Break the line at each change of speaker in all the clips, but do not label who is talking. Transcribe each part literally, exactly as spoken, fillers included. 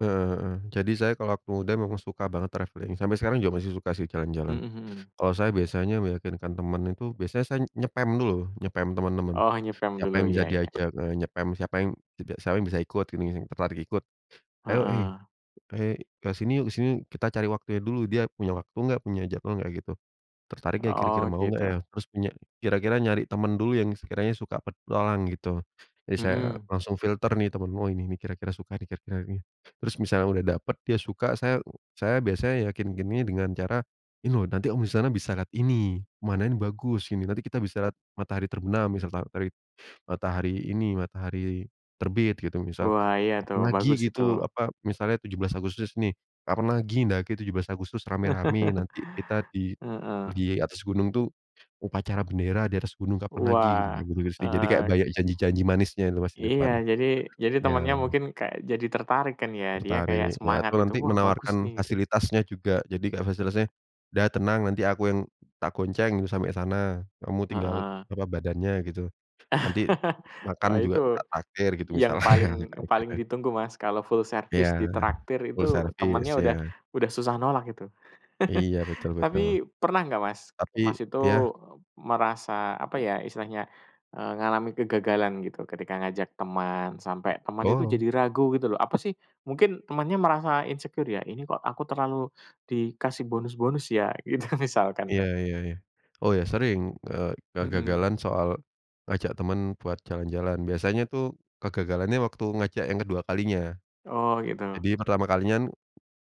Eee, jadi saya kalau waktu muda memang suka banget travelling. Sampai sekarang juga masih suka sih jalan-jalan.
Mhm mhm.
Kalau saya biasanya meyakinkan teman itu biasanya saya nge-spam dulu, nge-spam teman-teman.
Oh nge-spam
Siapa
dulu,
yang bisa
iya iya.
diajak heeh, nge-spam, siapa yang jeda siapa yang bisa ikut gini, yang tertarik ikut. "Ayo, hei
Heeh.
hei ke sini yuk ke sini yuk?" Kita cari waktunya dulu. Dia punya waktu enggak, punya jadwal enggak, gitu. Tertarik enggak kira-kira,
Oh,
mau enggak, ya?
gitu.
Terus punya kira-kira nyari teman dulu yang sekiranya suka petualang, gitu. Jadi, saya
Mhm.
langsung filter nih teman-temen, "Oh, ini nih, kira-kira suka nih, kira-kira yang ini." Terus misalnya udah dapat dia suka, saya saya biasanya yakinkinnya dengan cara, "Ini loh, nanti kamu di sana bisa lihat ini, pemandangannya bagus, gini. Nanti kita bisa lihat matahari terbenam," misal, ta tari matahari ini, "matahari terbit." Gitu, misal.
Wah, iya, tuh.
"Kapan lagi"
Bagus itu.
gitu, apa, misalnya tujuh belas Agustus, nih, "Kapan lagi mendaki tujuh belas Agustus, rame-rame? Nanti kita di
Heeh.
di atas gunung tuh upacara bendera di atas gunung, kapan lagi?" Gitu,
Wah,
kayak gitu-gitu sih. Jadi, kayak
heeh.
banyak janji-janji manisnya itu Mas di
Iya,
depan.
jadi jadi temannya
Iya.
mungkin kayak jadi tertarik kan, ya? Dia kayak
Tertarik. Iya,
semangat
atau
gitu,
nanti
"Wah, bagus nih."
menawarkan
Gitu.
fasilitasnya juga. Jadi kayak fasilitasnya, "Udah tenang, nanti aku yang tak gonceng sampai sana. Kamu tinggal,
Heeh.
apa, badannya." Gitu. "Nanti makan
Wah,
juga
itu,
tak traktir." Gitu
yang
misalnya.
paling
Kayak
paling
gitu.
ditunggu, Mas, kalau full
Iya,
servis ditraktir
full
itu
servis,
temannya udah
iya.
udah susah nolak itu.
Iya, betul betul.
Tapi, pernah nggak Mas,
Tapi
Mas itu
iya?
merasa, apa ya, istilahnya, eee, ngalamin kegagalan gitu, ketika ngajak teman, sampai teman itu
Oh.
jadi ragu gitu lho, "Apa sih," mungkin temannya merasa insecure ya, "ini kok aku terlalu dikasih bonus-bonus, ya?" Gitu, misalkan
Iya
lho.
iya iya. Oh, ya, sering, e
Mhm.
kegagalan soal ngajak teman buat jalan-jalan. Biasanya tuh kegagalannya waktu ngajak yang kedua kalinya.
Oh, gitu.
Jadi, pertama kalinya kan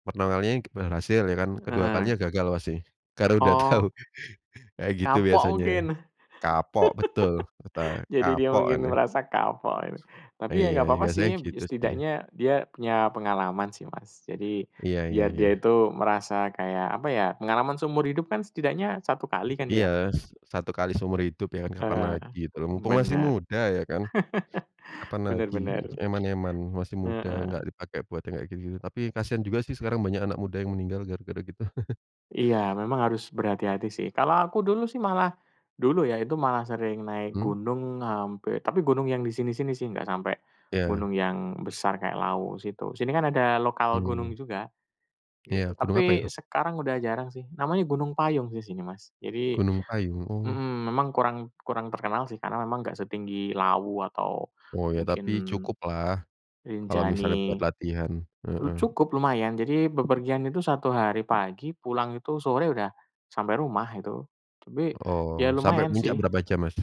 pertama kalinya berhasil ya kan, kedua kalinya
Heeh.
gagal pasti. Karena udah tahu.
Oh.
Kayak gitu
Kapok
biasanya.
mungkin?
Kapok, betul. Katanya,
Jadi dia
"Kapok ini."
mungkin merasa kapok ini. Tapi, ya,
Iya,
nggak apa-apa
biasanya
sih,
gitu sih.
setidaknya dia punya pengalaman sih, Mas. Jadi,
Iya iya
biar dia
iya.
itu merasa kayak, apa ya, pengalaman seumur hidup kan setidaknya satu kali kan,
Iya,
ya?
s satu kali seumur hidup, ya, kan? Kapan
Heeh.
lagi, gitu lho. Mumpung masih
Bener.
muda, ya, kan? Kapan
Bener
lagi,
bener.
eman-eman, masih muda enggak
Heeh.
dipakai buat yang kayak gitu-gitu. Tapi, kasihan juga sih, sekarang banyak anak muda yang meninggal gara-gara gitu.
Iya, memang harus berhati-hati sih. Kalau aku dulu sih malah dulu ya, itu malah sering naik
Hmm?
gunung hampir tapi gunung yang di sini-sini sih nggak sampai
Iya.
gunung yang besar kayak Lawu situ. Sini kan ada lokal gunung
Hmm.
juga,
Iya,
gitu.
gunung apa
Tapi,
itu?
sekarang udah jarang sih. Namanya Gunung Payung sih sini, Mas. Jadi
Gunung Payung? Oh.
mhm, memang kurang kurang terkenal sih, karena memang nggak setinggi Lawu atau
Oh, ya,
mungkin
tapi cukuplah. Kalau misalnya buat
Rinjani.
latihan.
E
Heeh.
cukup, lumayan, jadi, bepergian itu satu hari pagi, pulang itu sore udah sampai rumah itu. Tapi ya
Oh, sampai
lumayan
puncak
sih.
berapa jam, Mas?